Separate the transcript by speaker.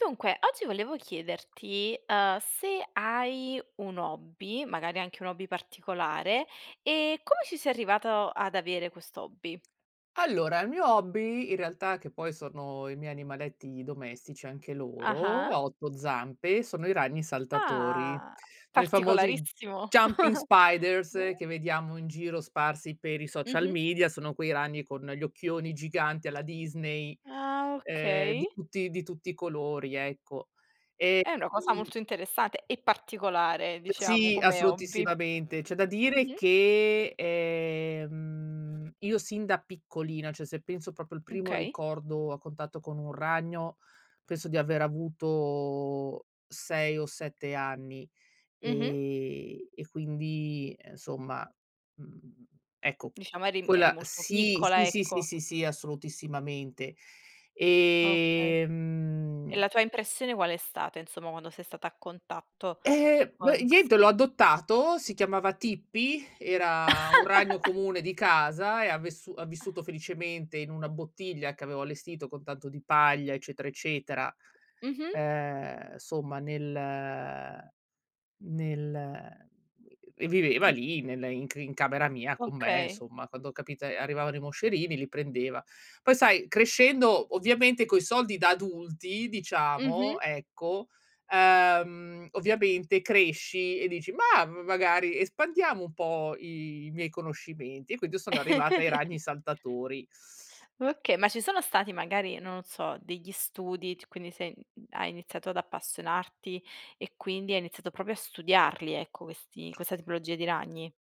Speaker 1: Dunque, oggi volevo chiederti, uhm, se hai un hobby, magari anche un hobby particolare, e come ci sei arrivato ad avere quest'hobby?
Speaker 2: Allora, il mio hobby, in realtà che poi sono, i miei animaletti domestici, anche loro,
Speaker 1: Ah-ah.
Speaker 2: a 8 zampe, sono i ragni saltatori.
Speaker 1: Ah!
Speaker 2: Sono i famosi j
Speaker 1: Particolarissimo.
Speaker 2: jumping spiders che vediamo in giro sparsi per i social
Speaker 1: Mh-mh.
Speaker 2: media. Sono quei ragni con gli occhioni giganti, alla Disney,
Speaker 1: Ah,
Speaker 2: ehm, d
Speaker 1: okay.
Speaker 2: tutti di tutti i colori, ecco, e,
Speaker 1: È una cosa
Speaker 2: mhmm
Speaker 1: molto interessate, e particolare, diciamo,
Speaker 2: Sì,
Speaker 1: come hobby.
Speaker 2: assolutissimamente. C'è da dire
Speaker 1: Mh-mh.
Speaker 2: che, ehm, io sin da piccolina, cioè, se penso proprio al primo
Speaker 1: Okay.
Speaker 2: ricordo, a contatto con un ragno, penso di aver avuto 6 o 7 anni,
Speaker 1: Mh-mh.
Speaker 2: ehm, e quindi, e insomma, mhmm, ecco q
Speaker 1: Diciamo eri m eri
Speaker 2: quella
Speaker 1: molto
Speaker 2: sì,
Speaker 1: piccola,
Speaker 2: sì, sì,
Speaker 1: ecco.
Speaker 2: sì, sì, assolutissimamente,
Speaker 1: Okay.
Speaker 2: ehm,
Speaker 1: E
Speaker 2: mhmm
Speaker 1: la tua impressione qual è stata, insomma, quando sei stata a contatto,
Speaker 2: Ehm, beh,
Speaker 1: con ques
Speaker 2: niente l'ho adottato, si chiamava "Tippi", era un ragno comune di casa e ha vessu ha vissuto felicemente in 1 bottiglia che avevo allestito con tanto di paglia, eccetera, eccetera.
Speaker 1: Mh-mh.
Speaker 2: Ehm, somma, nel, ehm nel, ehm, e viveva lì, nella in c in camera
Speaker 1: Mhmm,
Speaker 2: mia, con me,
Speaker 1: okay.
Speaker 2: insomma, quando ho capito ehm, arrivavano i moscerini li prendeva. Poi sai, crescendo, ovviamente coi soldi da adulti,
Speaker 1: Mh-mh.
Speaker 2: diciamo, ecco, ehm, ovviamente cresci, e dici: "Mah, m magari espandiamo un po' i miei conoscimenti" e quindi io sono arrivata ai ragni saltatori.
Speaker 1: Oka ma ci sono stati magari, non so, degli studi, t quindi sei mhmm, hai iniziato ad appassionarti, e quindi, hai iniziato proprio a studiarli, ecco, questi questa tipologia di ragni?